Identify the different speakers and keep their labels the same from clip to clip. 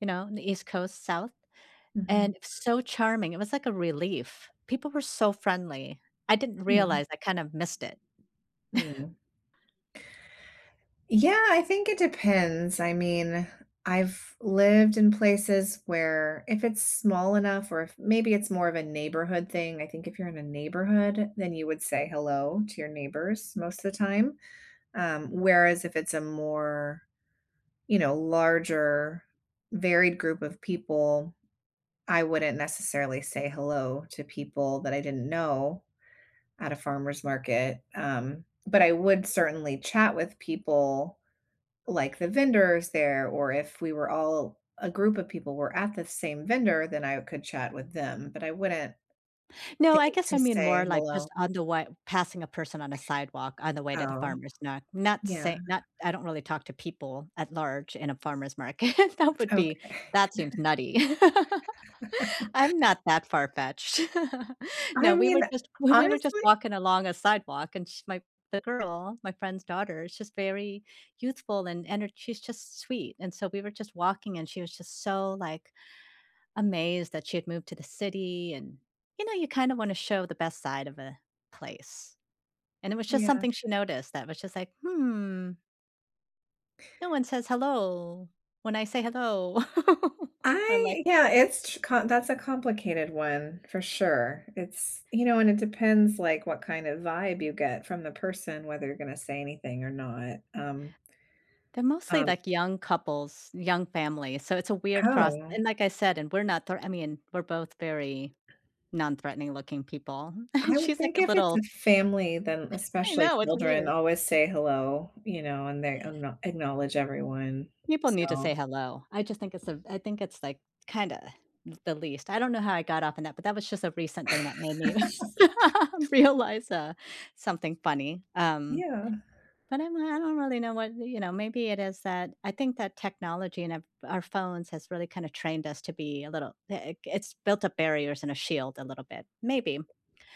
Speaker 1: You know, in the East Coast, south,
Speaker 2: Mhm.
Speaker 1: and so charming, it was like a relief. People were so friendly. I didn't
Speaker 2: Hmm.
Speaker 1: realize I kind of missed it.
Speaker 2: Mm. Yeah, I think it depends. I mean, I've lived in places where if it's small enough or if maybe it's more of a neighborhood thing, I think if you're in a neighborhood, then you would say "hello" to your neighbors most of the time, um, whereas if it's a more, you know, larger, varied group of people, I wouldn't necessarily say "hello" to people that I didn't know at a farmer's market, um, but I would certainly chat with people like the vendors there, or if we were all, a group of people were at the same vendor, then I could chat with them, but I wouldn't
Speaker 1: No,
Speaker 2: think
Speaker 1: I guess
Speaker 2: to
Speaker 1: I mean
Speaker 2: say
Speaker 1: more like just
Speaker 2: "hello".
Speaker 1: on the way, passing a person on a sidewalk on the way to the
Speaker 2: Oh.
Speaker 1: farmer's, not not
Speaker 2: Yeah.
Speaker 1: say not I don't really talk to people at large in a farmer's market. That would be
Speaker 2: Okay.
Speaker 1: that seems nutty. I'm not that far-fetched.
Speaker 2: I
Speaker 1: No, we
Speaker 2: mean,
Speaker 1: were just we were just
Speaker 2: honestly
Speaker 1: walking along a sidewalk, and sh my the girl, my friend's daughter, she's very youthful and ener she's just sweet, and so we were just walking, and she was just so like, amazed that she had moved to the city, and, you know, you kind of wanna show the best side of a place, and it was just
Speaker 2: Yeah.
Speaker 1: something she noticed that was just like, "Hmm," "no one says 'hello', when I say 'hello'," I'm like
Speaker 2: I yeah, it's ch com that's a complicated one for sure. It's, you know, and it depends, like, what kind of vibe you get from the person, whether you're gonna say anything or not, um
Speaker 1: They're mostly
Speaker 2: um
Speaker 1: like young couples, young families, so it's a weird cross.
Speaker 2: Oh, ah.
Speaker 1: And like I said, and we're not, thr I mean, we're both very non-threatening looking people.
Speaker 2: I would
Speaker 1: She's like
Speaker 2: think
Speaker 1: a
Speaker 2: if it's
Speaker 1: little
Speaker 2: a family, then
Speaker 1: I
Speaker 2: especially
Speaker 1: know, it's
Speaker 2: children
Speaker 1: weird.
Speaker 2: always say "hello", you know, and they ackno acknowledge everyone,
Speaker 1: People need to say
Speaker 2: so
Speaker 1: hello. I just think it's a I think it's like kinda the least. I don't know how I got off on that, but that was just a recent thing that made me realize, uh, something funny, um,
Speaker 2: Yeah.
Speaker 1: but I'm I don't really know what, you know, maybe it is that, I think that technology and our our phones has really kind of trained us to be a little big it's built up barriers and a shield a little bit, maybe.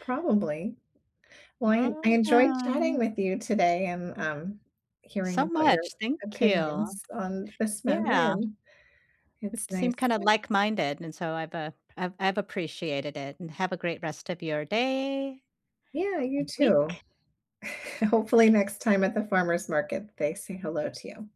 Speaker 2: Probably. Well, I I enjoyed chatting
Speaker 1: [unintelligible]
Speaker 2: with you today and, um, hearing
Speaker 1: So
Speaker 2: about your
Speaker 1: much. Thank you.
Speaker 2: opinions on this matter,
Speaker 1: Yeah.
Speaker 2: and it's
Speaker 1: It seemed
Speaker 2: nice
Speaker 1: kinda
Speaker 2: [unintelligible]
Speaker 1: like-minded and so I've, uh, I've I've appreciated it and have a great rest of your day
Speaker 2: Yeah, you
Speaker 1: and
Speaker 2: too.
Speaker 1: week.
Speaker 2: Hopefully next time at the farmers' market, they say "hello" to you.